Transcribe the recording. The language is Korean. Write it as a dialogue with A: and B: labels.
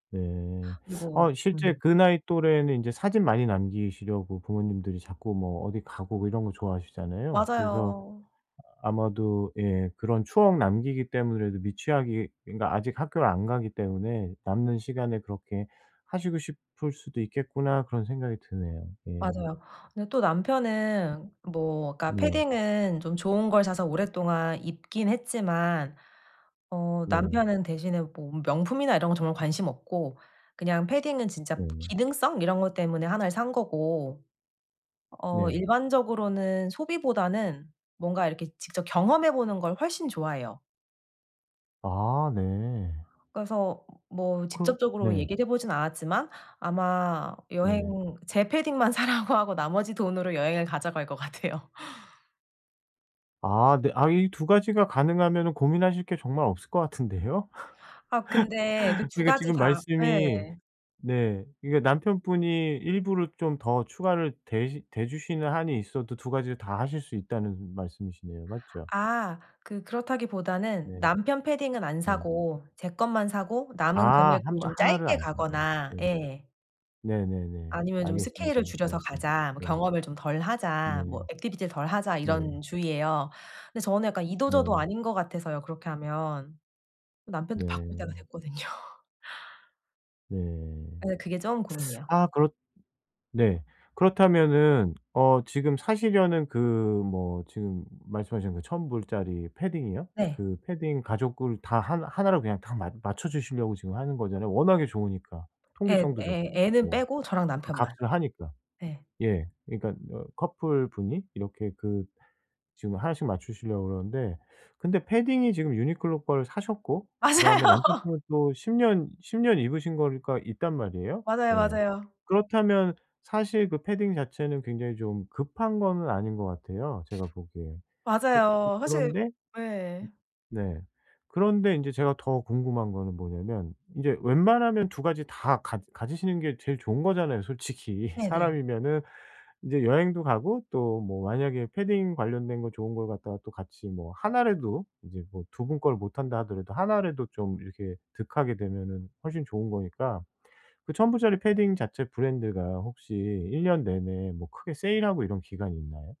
A: 네.
B: 그리고
A: 아 실제
B: 음.
A: 그 나이 또래는 이제 사진 많이 남기시려고 부모님들이 자꾸 뭐 어디 가고 뭐 이런 거 좋아하시잖아요. 그래서
B: 맞아요.
A: 아마도 예 그런 추억 남기기 때문에라도 미취학이 그니까 아직 학교를 안 가기 때문에 '남는 시간에 그렇게 하시고 싶을 수도 있겠구나.' 그런 생각이 드네요. 예.
B: 맞아요. 근데 또 남편은 뭐 그니까
A: 네.
B: 패딩은 좀 좋은 걸 사서 오랫동안 입긴 했지만, 어
A: 네.
B: 남편은 대신에 뭐 명품이나 이런 거 정말 관심 없고 그냥 패딩은 진짜
A: 네.
B: 기능성 이런 것 때문에 1 를 산 거고 어
A: 네.
B: 일반적으로는 소비보다는 뭔가 이렇게 직접 경험해 보는 걸 훨씬 좋아해요.
A: 아 네.
B: 그래서 뭐
A: 그
B: 직접적으로
A: 네.
B: 얘기를 해보지는 않았지만, 아마
A: 네.
B: 여행 제 패딩만 사라고 하고 나머지 돈으로 여행을 가자고 할 것 같아요.
A: 아 네. 아 이 2 가지가 가능하면은 고민하실 게 정말 없을 것 같은데요.
B: 아 근데 그 2
A: 그러니까
B: 가지
A: 지금
B: 다 예.
A: 말씀이 네 그러니까 남편분이 일부러 좀 더 추가를 대시 대주시는 한이 있어도 2 가지를 다 하실 수 있다는 말씀이시네요. 맞죠?
B: 아 그 그렇다기보다는
A: 네.
B: 남편 패딩은 안
A: 네.
B: 사고 제 것만 사고 남은
A: 아 1
B: 금액으로
A: 벌
B: 좀
A: 1 를
B: 짧게
A: 안 사고
B: 가거나
A: 네.
B: 예.
A: 네네네.
B: 아니면 좀
A: 알겠습니다.
B: '스케일을
A: 무슨
B: 줄여서
A: 말씀인지.
B: 가자.' 뭐
A: 예.
B: '경험을 좀 덜 하자.'
A: 네.
B: 뭐 '액티비티를 덜 하자.'
A: 네.
B: 이런 주의예요. 근데 저는 약간 이도 저도
A: 네.
B: 아닌 것 같아서요, 그렇게 하면. 남편도 바꿀 때가
A: 네.
B: 됐거든요.
A: 네.
B: 예. 그게 좀 고민이에요.
A: 아 그렇 네 그렇다면은 어 지금 사시려는 그 뭐 지금 말씀하신 그 1,000 불짜리 패딩이요.
B: 네.
A: 그 패딩 가족을 다 하 1 로 그냥 다 맞 맞춰 주시려고 지금 하는 거잖아요. 워낙에 좋으니까.
B: 애
A: 통기성도
B: 애
A: 좋고
B: 애는
A: 뭐
B: 빼고 저랑
A: 그
B: 남편만.
A: 값을 하니까.
B: 네.
A: 예. 그러니까 어 커플 분이 이렇게 그 지금 1 씩 맞추시려고 그러는데, 근데 패딩이 지금 유니클로 걸 사셨고 그다음에
B: 맞아요.
A: 남편분은 또 10 년 10 년 입으신 거가 있단 말이에요.
B: 맞아요,
A: 예.
B: 맞아요.
A: 그렇다면 사실 그 패딩 자체는 굉장히 좀 급한 거는 아닌 것 같아요, 제가 보기에. 그 그
B: 맞아요. 사실
A: 그런데
B: 예.
A: 네 그런데 인제 제가 더 궁금한 거는 뭐냐면 이제 웬만하면 2 가지 다 가 가지시는 게 제일 좋은 거잖아요. 솔직히.
B: 네네.
A: 사람이면은 이제 여행도 가고 또 뭐 만약에 패딩 관련된 거 좋은 걸 갖다가 또 같이 뭐 1 라도 이제 뭐 2 분 걸 못 한다 하더라도 1 라도 좀 이렇게 득하게 되면은 훨씬 좋은 거니까. 그 1,000 불짜리 패딩 자체 브랜드가 혹시 1 년 내내 뭐 크게 세일하고 이런 기간이 있나요?